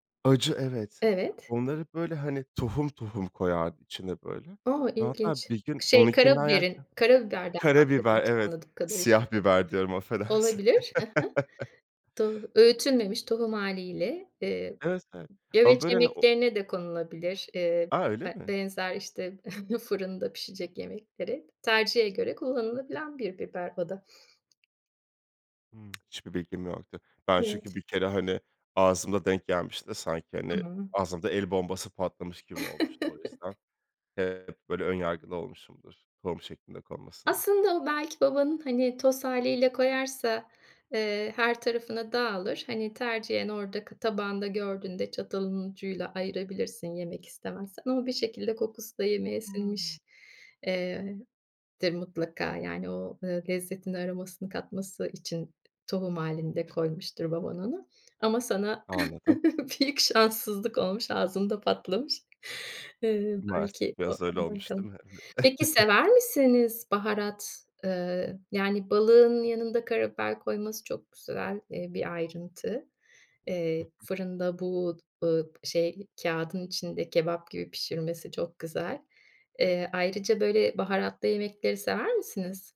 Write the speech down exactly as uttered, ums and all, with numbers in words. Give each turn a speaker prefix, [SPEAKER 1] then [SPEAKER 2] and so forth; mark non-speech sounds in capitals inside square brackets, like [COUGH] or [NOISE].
[SPEAKER 1] Acı, evet.
[SPEAKER 2] Evet.
[SPEAKER 1] Onları böyle, hani, tohum tohum koyardı içine, böyle.
[SPEAKER 2] O!
[SPEAKER 1] Ve hatta
[SPEAKER 2] İlginç.
[SPEAKER 1] bir gün
[SPEAKER 2] Şey
[SPEAKER 1] onunkinden
[SPEAKER 2] karabiberin
[SPEAKER 1] yerken
[SPEAKER 2] karabiberden anladığım
[SPEAKER 1] Karabiber, evet,
[SPEAKER 2] anladığım kadarıyla.
[SPEAKER 1] siyah biber diyorum, affedersin.
[SPEAKER 2] Olabilir. He he.
[SPEAKER 1] [CHUCKLES]
[SPEAKER 2] Do öğütülmemiş tohum hâliyle. Eee,
[SPEAKER 1] Evet, evet. Ama
[SPEAKER 2] güveç
[SPEAKER 1] böyle, hani o
[SPEAKER 2] yemeklerine de konulabilir. Eee,
[SPEAKER 1] A, öyle
[SPEAKER 2] b
[SPEAKER 1] mi?
[SPEAKER 2] benzer işte [GIGGLES] fırında pişecek yemekleri tercihe göre kullanılabilen bir biber o da.
[SPEAKER 1] Hımm, hiçbir bilgim yoktu. Ben çünkü
[SPEAKER 2] Evet.
[SPEAKER 1] bir kere, hani, ağzımda denk gelmişti de sanki, hani,
[SPEAKER 2] Hıı.
[SPEAKER 1] ağzımda el bombası patlamış gibi olmuştu o yüzden.
[SPEAKER 2] [CHUCKLES]
[SPEAKER 1] Eee, hep böyle ön yargılı olmuşumdur tohum şeklinde konmasına.
[SPEAKER 2] Aslında, o belki babanın, hani, toz hâliyle koyarsa, ııı, her tarafına dağılır. Hani tercihen oradaki tabağında gördüğünde çatalın ucuyla ayırabilirsin yemek istemezsen ama bir şekilde kokusu da yemeğe
[SPEAKER 1] Hımm.
[SPEAKER 2] sinmiş, eee, tir mutlaka, yani, o, eee, lezzetini aromasını katması için tohum halinde koymuştur baban onu ama sana
[SPEAKER 1] Anladım.
[SPEAKER 2] [CHUCKLES] büyük şanssızlık olmuş, ağzımda patlamış. Iıı, belki
[SPEAKER 1] Maalesef
[SPEAKER 2] o,
[SPEAKER 1] biraz öyle
[SPEAKER 2] onda.
[SPEAKER 1] olmuş, değil mi, evet.
[SPEAKER 2] [UNINTELLIGIBLE] Peki,
[SPEAKER 1] [GIGGLES]
[SPEAKER 2] sever misiniz baharat? Eee, yani, balığın yanında karabiber koyması çok güzel, eee, bir ayrıntı.
[SPEAKER 1] Hı
[SPEAKER 2] Eee,
[SPEAKER 1] hı.
[SPEAKER 2] fırında bu, ııı, şey, kağıdın içinde kebap gibi pişirmesi çok güzel. Eee, ayrıca böyle baharatlı yemekleri sever misiniz?